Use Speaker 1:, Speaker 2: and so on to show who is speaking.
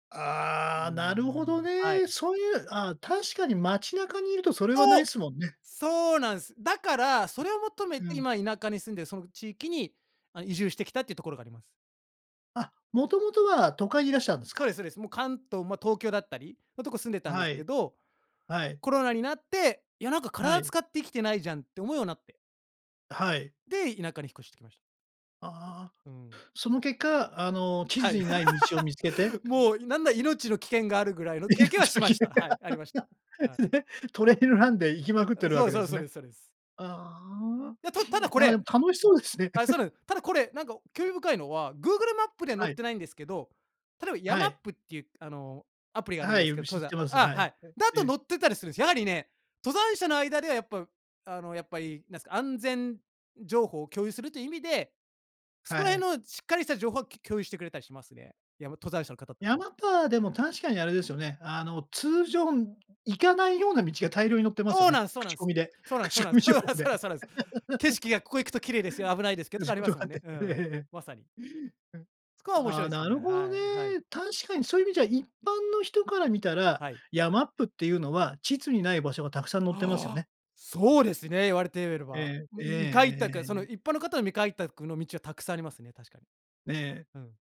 Speaker 1: う
Speaker 2: あ
Speaker 1: ー
Speaker 2: あ、なるほど
Speaker 1: ん、は
Speaker 2: ね。
Speaker 1: い。
Speaker 2: そう言う、ああ、確かに街中にいると、それ
Speaker 1: そ
Speaker 2: はないっ
Speaker 1: う！
Speaker 2: すもんね。
Speaker 1: そうなんっす。だから、それを求め
Speaker 2: う
Speaker 1: て、
Speaker 2: ん。
Speaker 1: 今田舎に住んでる、その地域に、あ、移住してきたって言うところがあります。
Speaker 2: あ、元々は都会にいらしたんです
Speaker 1: そう
Speaker 2: か？
Speaker 1: です、そうです。もう関東も東京だったりのとこ住んでたんで
Speaker 2: は
Speaker 1: すけ
Speaker 2: い。
Speaker 1: ど、
Speaker 2: はい。
Speaker 1: コロナになって、いや、なんか、
Speaker 2: は
Speaker 1: 体
Speaker 2: い。
Speaker 1: 使ってきてないじゃんって思うようになって。
Speaker 2: あ、はい。
Speaker 1: で、田舎に引っ越してきました。
Speaker 2: ああ。
Speaker 1: うん。
Speaker 2: その結果、あの、地
Speaker 1: はい。
Speaker 2: 図にない道を見つけて。
Speaker 1: も
Speaker 2: [unintelligible]
Speaker 1: う、いなんなら命の危険があるぐらいの
Speaker 2: 命
Speaker 1: 経験はし
Speaker 2: の
Speaker 1: ま
Speaker 2: 危険
Speaker 1: した。は
Speaker 2: が
Speaker 1: い、ありました。はい。
Speaker 2: で、トレイルランで行きまくっ
Speaker 1: あ、
Speaker 2: てる
Speaker 1: そ
Speaker 2: わ
Speaker 1: う
Speaker 2: け
Speaker 1: です
Speaker 2: で
Speaker 1: そうです
Speaker 2: す
Speaker 1: そう
Speaker 2: ね。
Speaker 1: ですそうです。
Speaker 2: ああ。
Speaker 1: いや、たただこ
Speaker 2: なんか、で
Speaker 1: れ
Speaker 2: も楽しそうですね。
Speaker 1: あ、そう なんです。ただこれ、なんか、興味深いのは、グーグルマップでは載
Speaker 2: は
Speaker 1: っ
Speaker 2: い。
Speaker 1: てないんですけど、例えばヤ
Speaker 2: は
Speaker 1: マッ
Speaker 2: い。
Speaker 1: プって言う、あの、アプリがあるん
Speaker 2: は
Speaker 1: で
Speaker 2: い、
Speaker 1: す
Speaker 2: よ
Speaker 1: けど、
Speaker 2: く知
Speaker 1: 登
Speaker 2: っ
Speaker 1: 山
Speaker 2: てます、
Speaker 1: あ、
Speaker 2: は
Speaker 1: は
Speaker 2: い、
Speaker 1: い、
Speaker 2: はい、
Speaker 1: だと
Speaker 2: ええ。
Speaker 1: 載ってたりするんです。やはりね、登山者の間では、やっぱ、あの、やっぱり、なんすか、安全情報を共有すると意味で、そ
Speaker 2: は
Speaker 1: こら
Speaker 2: い。
Speaker 1: 辺のしっかりした情報はきょ共有してくれたりしますね。やま登山者の方達は。
Speaker 2: 山パーでも確かに、あれですよね。あの、通常行かないような道が大量に乗ってます
Speaker 1: そ
Speaker 2: よ
Speaker 1: う
Speaker 2: ね。
Speaker 1: なんすそうな
Speaker 2: 口
Speaker 1: ん
Speaker 2: コ
Speaker 1: す。
Speaker 2: ミで。
Speaker 1: そうなんすそう
Speaker 2: 口
Speaker 1: なん
Speaker 2: コ
Speaker 1: で
Speaker 2: ミ
Speaker 1: す。そ
Speaker 2: 情
Speaker 1: う
Speaker 2: 報
Speaker 1: なそ
Speaker 2: で。
Speaker 1: うなそうなんす。景色がここ行くと綺麗ですよ、危ないですけ ど、とか
Speaker 2: 仕
Speaker 1: ありま
Speaker 2: 事
Speaker 1: す
Speaker 2: が
Speaker 1: も
Speaker 2: あっ
Speaker 1: んね。
Speaker 2: て。
Speaker 1: うん、
Speaker 2: ええ。
Speaker 1: まさに。そこは
Speaker 2: あ、
Speaker 1: 面
Speaker 2: あ
Speaker 1: 白
Speaker 2: あ、
Speaker 1: いす
Speaker 2: なる
Speaker 1: ね、
Speaker 2: ほど
Speaker 1: はいはい。
Speaker 2: ね。確かにそういう意味じゃ、一般の人から見たら、
Speaker 1: はい。
Speaker 2: ヤマップって言うのは地図にない場所が沢山載ってますよ
Speaker 1: ああ、
Speaker 2: ね。
Speaker 1: そうですね、言われてえべる
Speaker 2: え
Speaker 1: ば。
Speaker 2: え。
Speaker 1: ん、
Speaker 2: えええええ
Speaker 1: ん、未開
Speaker 2: ええ
Speaker 1: 拓そ
Speaker 2: ええ
Speaker 1: の
Speaker 2: え。
Speaker 1: 一般の方の未開拓の道はたくさんありますね、確かに。
Speaker 2: ええ。
Speaker 1: うん。